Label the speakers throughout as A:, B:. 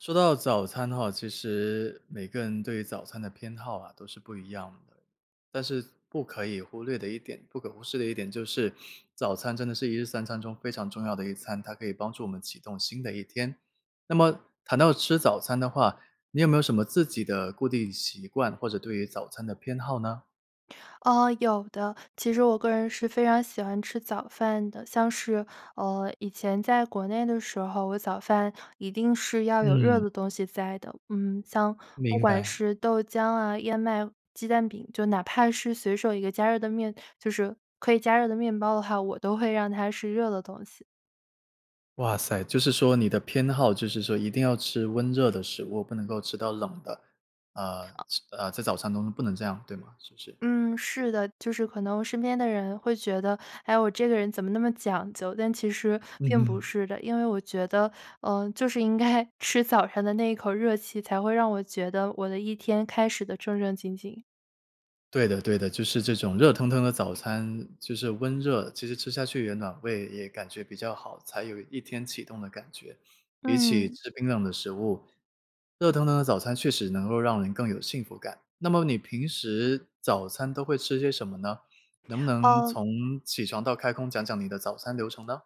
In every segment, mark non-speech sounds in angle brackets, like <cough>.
A: 说到早餐的话，其实每个人对早餐的偏好啊，都是不一样的。但是不可以忽略的一点不可忽视的一点就是，早餐真的是一日三餐中非常重要的一餐，它可以帮助我们启动新的一天。那么谈到吃早餐的话，你有没有什么自己的固定习惯，或者对于早餐的偏好呢？
B: 哦，有的，其实我个人是非常喜欢吃早饭的。像是，呃，以前在国内的时候，我早饭一定是要有热
A: 嗯。
B: 的东西在的。嗯，像不
A: 明
B: 管
A: 白。
B: 是豆浆啊、燕麦鸡蛋饼，就哪怕是随手一个加热的面就是可以加热的面包的话，我都会让它是热的东西。
A: 哇塞，就是说你的偏好就是说一定要吃温热的食物，不能够吃到冷的，呃，
B: 哦
A: 吃呃，在早餐当中不能这样对吗？是不是？
B: 嗯，是的，就是可能我身边的人会觉得，哎，我这个人怎么那么讲究，但其实
A: 嗯
B: 并不
A: 嗯。
B: 是的。因为我觉得，呃，就是应该吃早上的那一口热气，才会让我觉得我的一天开始得正正经经。
A: 对的，对的，就是这种热腾腾的早餐，就是温热，其实吃下去也暖胃也感觉比较好，才有一天启动的感觉。比起
B: 嗯。
A: 吃冰冷的食物，热腾腾的早餐确实能够让人更有幸福感。那么你平时早餐都会吃些什么呢？能不能
B: 呃
A: 从起床到开工讲讲你的早餐流程呢？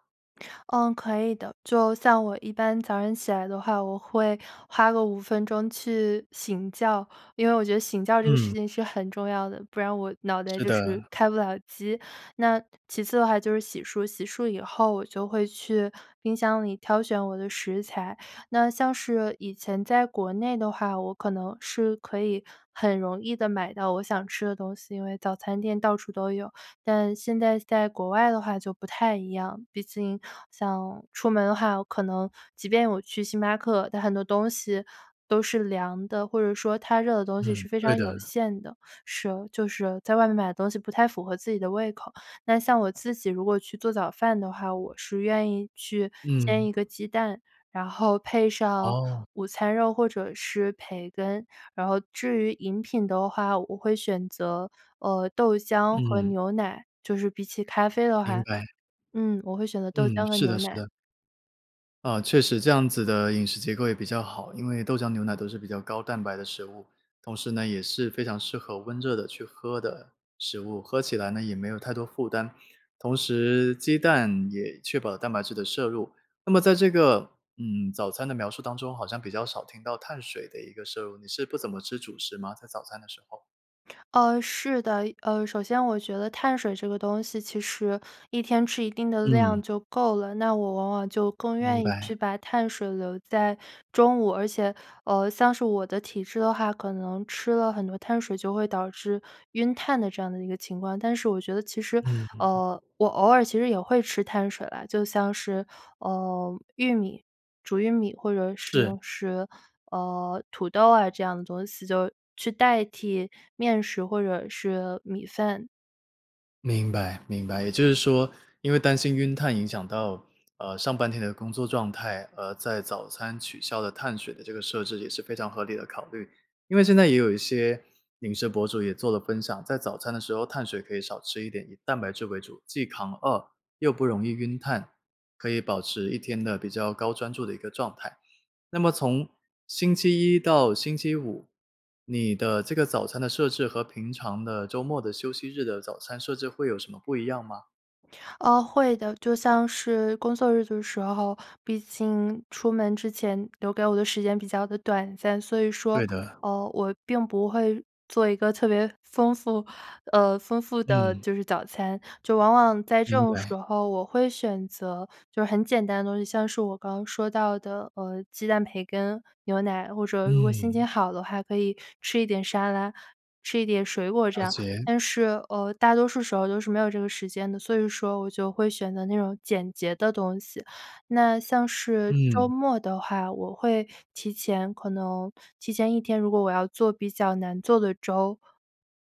B: 呃，可以的，就像我一般早上起来的话，我会花个5分钟去醒觉。因为我觉得醒觉这个
A: 嗯。
B: 事情是很重要的，不然我脑袋
A: 是
B: 就
A: 的。
B: 是开不了机。那，其次的话就是洗漱，洗漱以后我就会去冰箱里挑选我的食材。那像是以前在国内的话，我可能是可以很容易地买到我想吃的东西，因为早餐店到处都有，但现在在国外的话就不太一样。毕竟像出门的话，我可能即便我去星巴克，但很多东西都是凉的，或者说它热的东西
A: 嗯，
B: 是非
A: 对
B: 常
A: 的。
B: 有限的。是，就是在外面买的东西不太符合自己的胃口。那像我自己如果去做早饭的话，我是愿意去煎
A: 嗯。
B: 一个鸡蛋，然后配上
A: 哦。
B: 午餐肉或者是培根。然后至于饮品的话，我会选择，呃，豆浆和
A: 嗯。
B: 牛奶，就是比起咖啡的
A: 明
B: 话。
A: 白。
B: 嗯，我会选择豆
A: 嗯，
B: 浆和
A: 是
B: 牛
A: 的，是
B: 奶。
A: 的。啊，确实这样子的饮食结构也比较好，因为豆浆牛奶都是比较高蛋白的食物。同时呢，也是非常适合温热地去喝的食物，喝起来呢也没有太多负担。同时，鸡蛋也确保了蛋白质的摄入。那么在这个，嗯，早餐的描述当中，好像比较少听到碳水的一个摄入，你是不怎么吃主食吗？在早餐的时候。
B: 呃，是的，呃，首先我觉得碳水这个东西，其实一天吃一定的量
A: 嗯。
B: 就够了，那我往往就更
A: 明
B: 愿意去
A: 白。
B: 把碳水留在中午。而且，呃，像是我的体质的话，可能吃了很多碳水就会导致晕碳的这样的一个情况。但是我觉得其实
A: 嗯。
B: 呃，我偶尔其实也会吃碳水啦，就像是，呃，玉米，煮玉米或者是
A: 是。
B: 是，呃，土豆啊这样的东西，就去代替面食或者是米饭。
A: 明白，明白，也就是说，因为担心晕碳影响到，呃，上半天的工作状态，而在早餐取消的碳水的这个设置也是非常合理的考虑。因为现在也有一些，饮食博主也做了分享，在早餐的时候碳水可以少吃一点，以蛋白质为主，既扛饿又不容易晕碳，可以保持一天的比较高专注的一个状态。那么从星期一到星期五，你的这个早餐的设置和平常的周末的休息日的早餐设置会有什么不一样吗？
B: 呃，会的，就像是工作日的时候，毕竟出门之前留给我的时间比较地短暂，所以说，
A: 对的。
B: 呃，我并不会做一个特别丰富呃，丰富的
A: 嗯。
B: 就是早餐，就往往在这
A: 明
B: 种时
A: 白。
B: 候我会选择就是很简单的东西。像是我刚刚说到的，呃，鸡蛋、培根、牛奶，或者说如果心
A: 嗯。
B: 情好的话可以吃一点沙拉，吃一点水果这
A: 了
B: 样。
A: 解。
B: 但是，呃，大多数时候都是没有这个时间的，所以说我就会选择那种简洁的东西。那像是周
A: 嗯。
B: 末的话，我会提前可能提前1天，如果我要做比较难做的粥，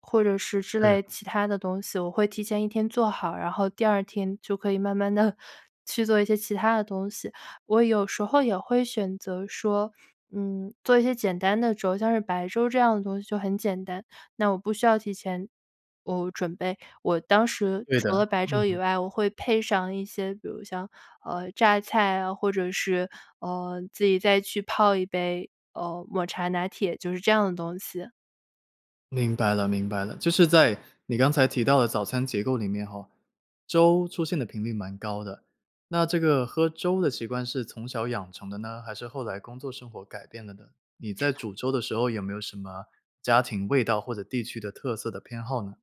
B: 或者是之类
A: 是。
B: 其它的东西，我会提前1天做好，然后第2天就可以慢慢地去做一些其它的东西。我有时候也会选择说，嗯，做一些简单的粥，像是白粥这样的东西就很简单，那我不需要提前我准备，我当时
A: 对的，
B: 除了白粥以
A: 嗯。
B: 外，我会配上一些，比如像，呃，榨菜呀，或者是，呃，自己再去泡一杯，呃，抹茶拿铁，就是这样的东西。
A: 明白了，明白了，就是在你刚才提到的早餐结构里面哈，粥出现的频率蛮高的，那这个喝粥的习惯是从小养成的呢？还是后来工作生活改变了呢？你在煮粥的时候有没有什么家庭味道或者地区的特色的偏好呢？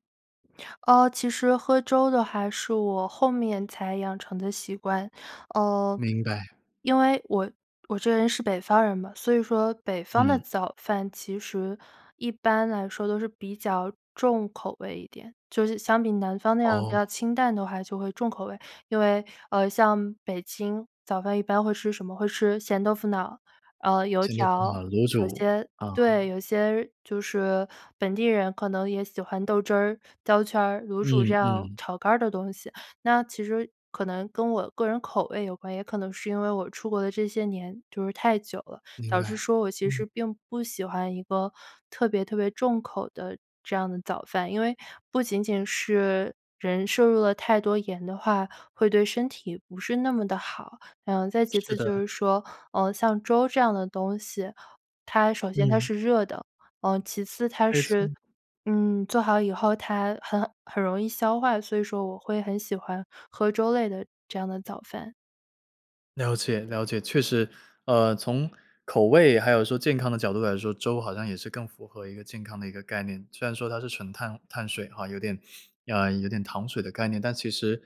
B: 呃，其实喝粥的话是我后面才养成的习惯。呃，
A: 明白。
B: 因为我我这个人是北方人嘛，所以说北方的
A: 嗯。
B: 早饭其实一般来说都是比较重口味一点，就是相比南方那样比
A: 哦。
B: 较清淡的话就会重口味。因为，呃，像北京，早饭一般会吃什么？会吃咸豆腐脑儿，呃，油
A: 现在碰
B: 条，
A: 到了，卤煮，啊。
B: 有些对，有些就是本地人可能也喜欢豆汁儿、焦圈儿、卤煮这
A: 嗯
B: 样，
A: 嗯。
B: 炒肝儿的东西。那其实可能跟我个人口味有关，也可能是因为我出国的这些年就是太久了，
A: 明
B: 导致
A: 白，
B: 说我其
A: 嗯。
B: 实并不喜欢一个特别特别重口的这样的早饭。因为不仅仅是人摄入了太多盐的话会对身体不是那么地好。然后再其
A: 是
B: 次就
A: 的。
B: 是说，呃，像粥这样的东西，它首先它
A: 嗯。
B: 是热的，呃，其次，它
A: 没
B: 是，
A: 错。
B: 嗯，做好以后它很很容易消化，所以说我会很喜欢喝粥类的这样的早饭。
A: 了解，了解，确实。呃，从口味还有说健康的角度来说，粥好像也是更符合一个健康的一个概念。虽然说它是纯碳碳水哈，有点呃，有点糖水的概念。但其实，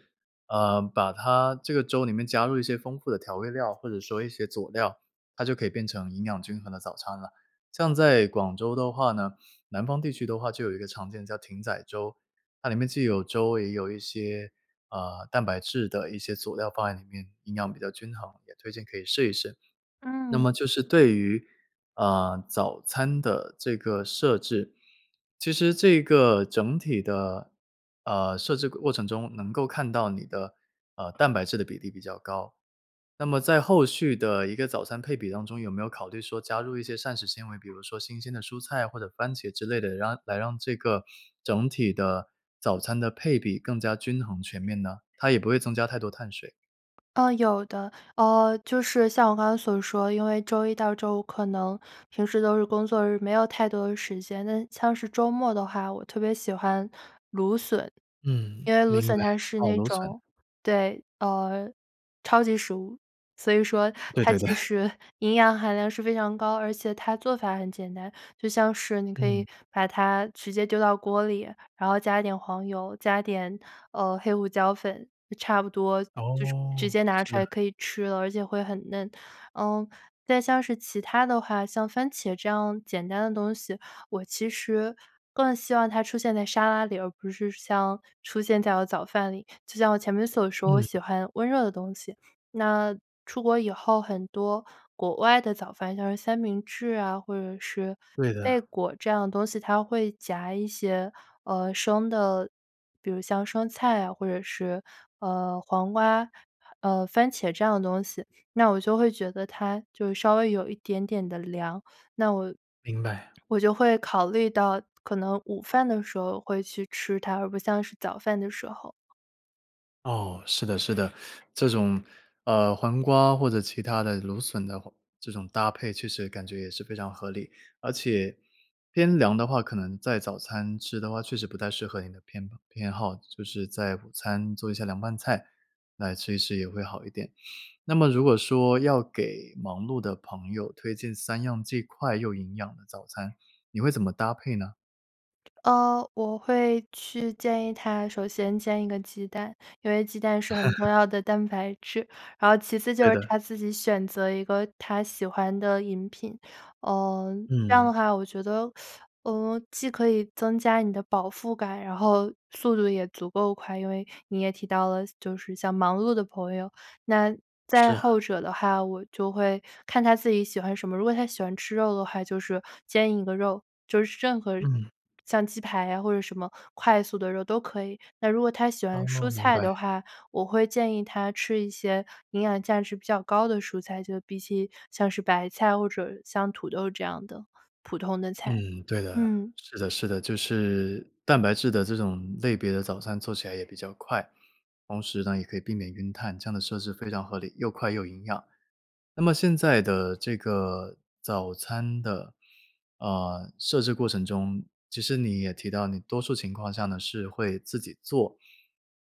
A: 呃，把它这个粥里面加入一些丰富的调味料，或者说一些佐料，它就可以变成营养均衡的早餐了。像在广州的话呢，南南方地区的话就有一个常见叫艇仔粥。它里面既有粥也有一些，啊，蛋白质的一些佐料放在里面，营养比较均衡，也推荐可以试一试。那
B: 嗯。
A: 么就是对于，呃，早餐的这个设置，其实这个整体的，呃，设置过过程中，能够看到你的，呃，蛋白质的比例比较高，那么在后续的一个早餐配比当中，有没有考虑说加入一些膳食纤维，比如说新鲜的蔬菜或者番茄之类的，让来让这个整体的早餐的配比更加均衡全面呢？它也不会增加太多碳水。
B: 呃，有的。呃，就是像我刚刚所说，因为周一到周五，可能平时都是工作日，没有太多时间，但像是周末的话，我特别喜欢芦笋。
A: 嗯，
B: 因为芦
A: 明
B: 笋
A: 白。
B: 它是
A: 哦，
B: 那
A: 芦笋。
B: 种对，呃，超级食物。所以说，
A: 对
B: 它
A: 对对。
B: 其
A: <chuckles>
B: 实营养含量是非常高。而且它做法很简单，就像是你可以
A: 嗯。
B: 把它直接丢到锅里，然后加一点黄油，加一点，呃，黑胡椒粉，差不多就是直
A: 哦，
B: 接拿出
A: 是。
B: 来可以吃了，而且会很嫩。嗯，再像是其它的话，像番茄这样简单的东西，我其实更希望它出现在沙拉里，而不是像出现在我早饭里，就像我前面所说，我喜
A: 嗯。
B: 欢温热的东西。那出国以后很多国外的早饭，像是三明治啊，或者是
A: 对
B: 贝
A: 的。
B: 果这样的东西，它会夹一些，呃，生的，比如像生菜啊，或者是，呃，黄瓜，呃，番茄这样的东西。那我就会觉得它就稍微有一点点的凉。那我
A: 明白。
B: 我就会考虑到，可能午饭的时候会去吃它，而不像是早饭的时候。
A: 哦，是的，是的。这种，呃，黄瓜或者其他的芦笋的黄这种搭配确实感觉也是非常合理。而且偏凉的话可能在早餐吃的话，确实不太适合你的偏偏好，就是在午餐做一下凉拌菜，来吃一吃也会好一点。那么如果说要给忙碌的朋友推荐3样既快又营养的早餐，你会怎么搭配呢？
B: 呃，我会去建议他首先煎一个鸡蛋，因为鸡蛋是很重
A: <laughs>
B: 要的蛋白质，然后其次就
A: 对
B: 是
A: 的。
B: 他自己选择一个他喜欢的饮品，呃，这样的
A: 嗯。
B: 话我觉得，<sucks teeth> 呃，既可以增加你的饱腹感，然后速度也足够快。因为你也提到了就是像忙碌的朋友，那在
A: 是
B: 后
A: 啊。
B: 者的话，我就会看他自己喜欢什么，如果他喜欢吃肉的话，就是煎一个肉，就是任何
A: 嗯。
B: 像鸡排呀或者什么快速的肉都可以。那如果他喜欢蔬
A: 哦，明
B: 菜的
A: 白。
B: 话，我会建议他吃一些营养价值比较高的蔬菜，就比起像是白菜或者像土豆这样的普通的菜。
A: 嗯，对的，
B: 嗯。
A: 是的，是的，就是蛋白质的这种类别的早餐做起来也比较快。同时呢，也可以避免晕碳，这样的设置非常合理，又快又营养。那么现在的这个早餐的，呃，设置过程中，其实你也提到你多数情况下呢，是会自己做。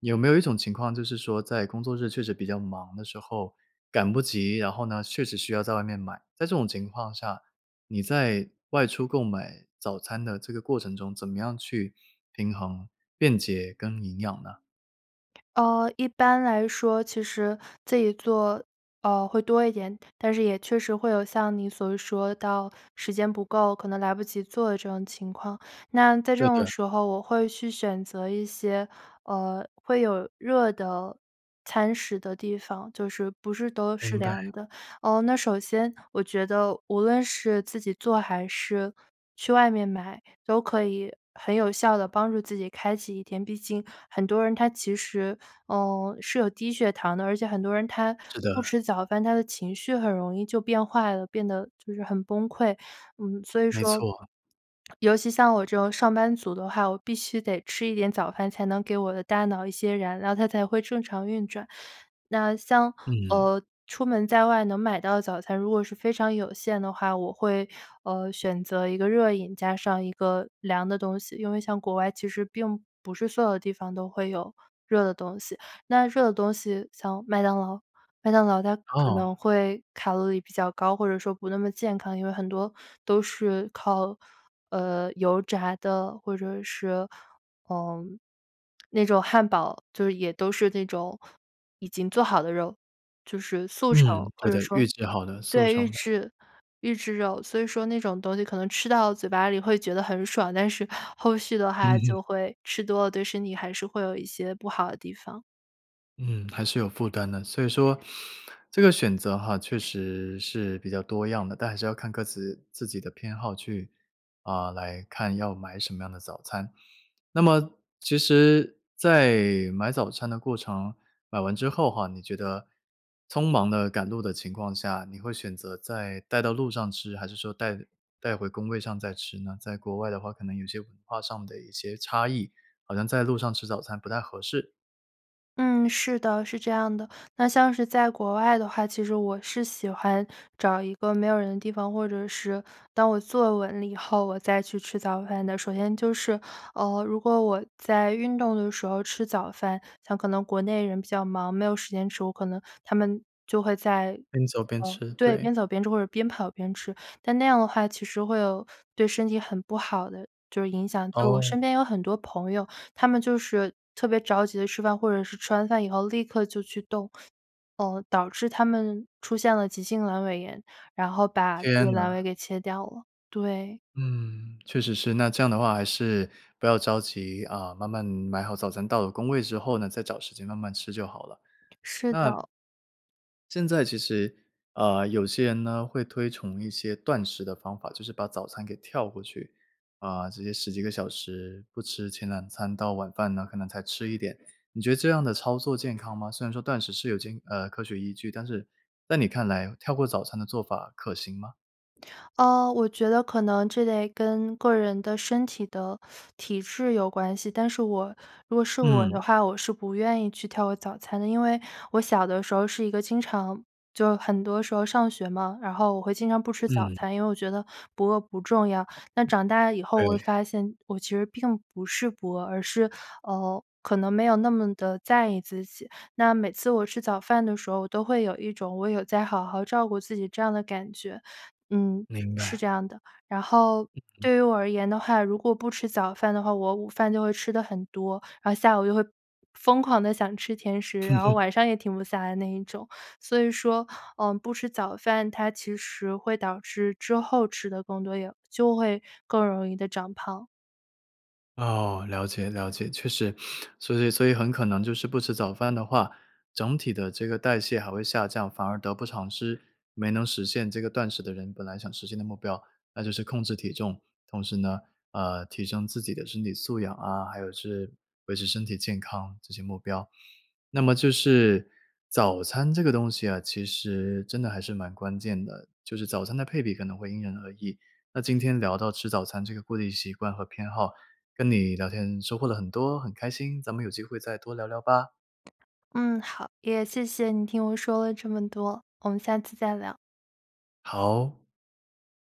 A: 有没有一种情况就是说在工作日确实比较忙的时候，赶不及，然后呢，确实需要在外面买，在这种情况下，你在外出购买早餐的这个过程中怎么样去平衡便捷跟营养呢？
B: 呃，一般来说，其实自己做，呃，会多一点，但是也确实会有像你所说到时间不够，可能来不及做的这种情况。那在这
A: 对
B: 种
A: 对。
B: 时候，我会去选择一些，呃，会有热的餐食的地方，就是不是都是
A: 明白。
B: 凉的。哦，那首先，我觉得无论是自己做还是去外面买，都可以很有效地帮助自己开启一天。毕竟很多人他其实，呃，是有低血糖的，而且很多人他
A: 是
B: 不
A: 的。
B: 吃早饭，他的情绪很容易就变坏了，变得就是很崩溃。嗯，所以
A: 没
B: 说，
A: 错。
B: 尤其像我这种上班族的话，我必须得吃一点早饭，才能给我的大脑一些燃料，它才会正常运转。那像，
A: 嗯。
B: 呃，出门在外能买到的早餐，如果是非常有限的话，我会，呃，选择一个热饮加上一个凉的东西。因为像国外，其实并不是所有的地方都会有热的东西。那热的东西像麦当劳，麦当劳它可
A: 哦。
B: 能会卡路里比较高，或者说不那么健康，因为很多都是靠，呃，油炸的，或者是，呃，那种汉堡就是也都是那种已经做好的肉，就是速成，
A: 嗯，
B: 或
A: 对
B: 者
A: 的，
B: 说
A: 预制好的，速
B: 对，预
A: 成的。
B: 制预制肉。所以说那种东西，可能吃到嘴巴里会觉得很爽，但是后续的
A: 嗯
B: 话，
A: 嗯。
B: 就会吃多了，对身体还是会有一些不好的地方。
A: 嗯，还是有负担的。所以说这个选择哈，确实是比较多样的。但还是要看各自自己的偏好，去啊，来看要买什么样的早餐。那么其实在买早餐的过程买完之后哈，你觉得匆忙地赶路的情况下，你会选择再带到路上吃，还是说带带回工位上再吃呢？在国外的话可能有些文化上的一些差异，好像在路上吃早餐不太合适。
B: 嗯，是的，是这样的。那像是在国外的话其实我是喜欢找一个没有人的地方，或者是当我坐稳了以后，我再去吃早饭的。首先就是，呃，如果我在运动的时候吃早饭像可能国内人比较忙，没有时间吃，我可能他们就会在
A: 边走边
B: 呃，
A: 吃，
B: 对，
A: 对。
B: 边走边吃，或者边跑边吃。但那样的话，其实会有对身体很不好的就是影响。就我
A: 哦。
B: 身边有很多朋友，他们就是特别着急地吃饭，或者是吃完饭以后立刻就去动，呃，导致他们出现了急性阑尾炎，然后把那
A: 天
B: 个阑尾
A: 呐！
B: 给切掉了。对。
A: 嗯，确实是，那这样的话还是不要着急啊，慢慢买好早餐到了工位之后呢，再找时间慢慢吃就好了。
B: 是
A: 那
B: 的。
A: 现在其实，啊，有些人呢，会推崇一些断食的方法，就是把早餐给跳过去。啊，直接10几个小时不吃前2餐，到晚饭呢，可能才吃一点，你觉得这样的操作健康吗？虽然说断食是有间呃，科学依据，但是那你看来，跳过早餐的做法可行吗？
B: 呃，我觉得可能这得跟个人的身体的 <sucks teeth> 体质有关系。但是我如果是我的
A: 嗯。
B: 话，我是不愿意去跳过早餐的。因为我小的时候是一个经常就很多时候上学嘛，然后我会经常不吃早
A: 嗯。
B: 餐，因为我觉得不饿不重要。但长大了以后，我会
A: 对。
B: 发现我其实并不是不饿，而是，呃，可能没有那么地在意自己。那每次我吃早饭的时候，我都会有一种“我有在好好照顾自己”这样的感觉，嗯，
A: 明
B: 是
A: 白。
B: 这样的。然后
A: 嗯
B: 对
A: 嗯。
B: 于我而言的话，如果不吃早饭的话，我午饭就会吃得很多，然后下午就会疯狂地想吃甜食，然后
A: <laughs>
B: 晚上也停不下来那一种。所以说，呃，不吃早饭，它其实会导致之后吃得更多，也就会更容易地长胖。
A: 哦，了解，了解，确实。所以所以很可能就是不吃早饭的话，整体的这个代谢还会下降，反而得不偿失，没能实现这个断食的人，本来想实现的目标，那就是控制体重，同时呢，呃，提升自己的身体素养啊，还有是维持身体健康，这些目标。那么就是早餐这个东西啊，其实真的还是蛮关键的，就是早餐的配比可能会因人而异。那今天聊到吃早餐这个固定习惯和偏好，跟你聊天收获了很多，很开心，咱们有机会再多聊聊吧。
B: 嗯，好，也谢谢你听我说了这么多，我们下次再聊。
A: 好。